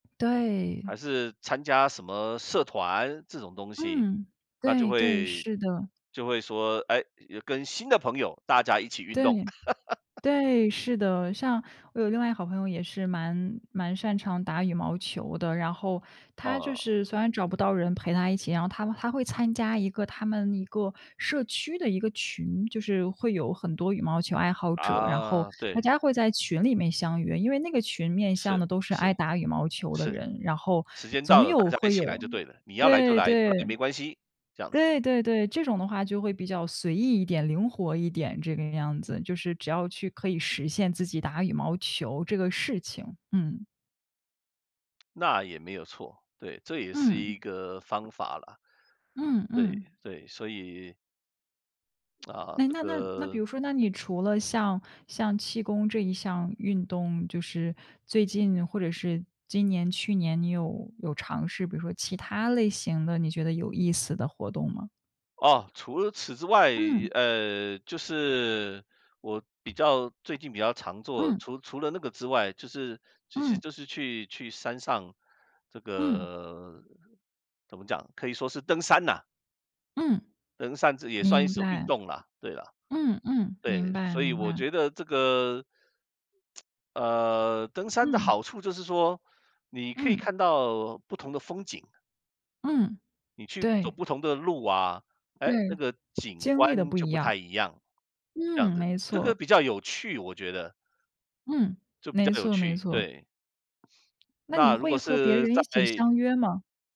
对。还是参加什么社团这种东西，嗯，那就对对，会是的。就会说，诶，就跟新的朋友大家一起运对，动。对，是的。像我有另外一个好朋友也是蛮蛮擅长打羽毛球的。然后她就哦。是虽然找不到人陪她一起，然后她她会参加一个他们一个社区的一个群。就是会有很多羽毛球爱好者，然后啊，大对。家会在群里面相遇。因为那个群面向是，的都是是，爱打羽毛球的是。人，然后时间到总了，大有家一会有起来就对了，你要来就对来，不来对。没关系，这样子。对对对，这种的话就会比较随意一点，灵活一点，这个样子。就是只要去可以实现自己打羽毛球这个事情。嗯。那也没有错。对，这也是一嗯。个方法啦。嗯对嗯。对，所以啊，诶，这那那那那比个。如说，那你除了像像气功这一项运动，就是最近或者是今年、去年，你有有尝试比如说其他类型的，你觉得有意思的活动吗？哦，除了此之外，嗯。呃，就是我比较最近比较常做嗯。除除了那个之外，就是，其实嗯。就是去去山上这嗯。个怎么讲，可以说是登山呐。嗯。登山这也算是一明种运白。动了，对啦。嗯嗯，明对，白所以明我白。觉得这个…… 呃，登山的嗯。好处就是说，你可以嗯。看到不同的风景。嗯，你去走对。不同的路啊，诶，那对。个景经历的观不就一不样。太一样，这样嗯，子。没这个错。比较有趣，我觉得。嗯，就比较没有错没趣，错。对。那你那如会果和别是人在一起相约吗？